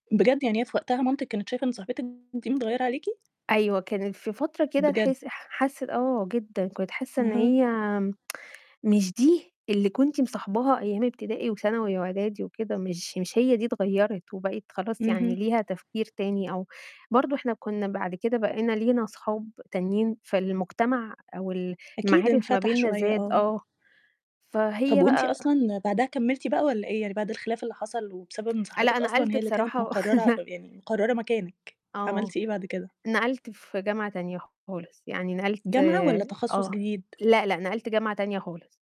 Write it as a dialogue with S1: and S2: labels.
S1: بجد، يعني هي في وقتها مامتِك كانت شايفة إن صاحبتِك دي متغيرة عليكِ؟
S2: أيوه، كانت في فترة كده
S1: بجد!
S2: تحس ح حاسّة آه، جدًا، كنت حاسّة إن
S1: أها.
S2: هي مش دي اللي كنتِ مصاحباها أيام ابتدائي، وثانوي، وإعدادي، وكده، مش مش هي دي، اتغيّرت وبقِت خلاص يعني
S1: اهم.
S2: ليها تفكير تاني، أو برضه إحنا كنا بعد كده بقينا لينا صحاب تانيين فالمجتمع، أو ال
S1: أكيد
S2: المعارف ما
S1: انفتح
S2: بيننا
S1: شوية،
S2: زاد.
S1: آه.
S2: آه. فهي
S1: طب وأنتِ
S2: بقى
S1: أصلًا بعدها كمّلتِ بقى، والّا إيه يعني؟ بعد الخلاف اللي حصل، وبسبب إن
S2: لأ،
S1: صاحبتِك أصلًا
S2: نقلت
S1: هي اللي كانت
S2: بصراحة
S1: مقررة يعني مقررة مكانِك،
S2: آه،
S1: عملتِ إيه بعد كده؟
S2: نقلت في جامعة تانية خالص، يعني نقلت
S1: جامعة، والّا تَخصُّص
S2: آه،
S1: جديد؟
S2: لأ، لأ، نقلت جامعة تانية خالص.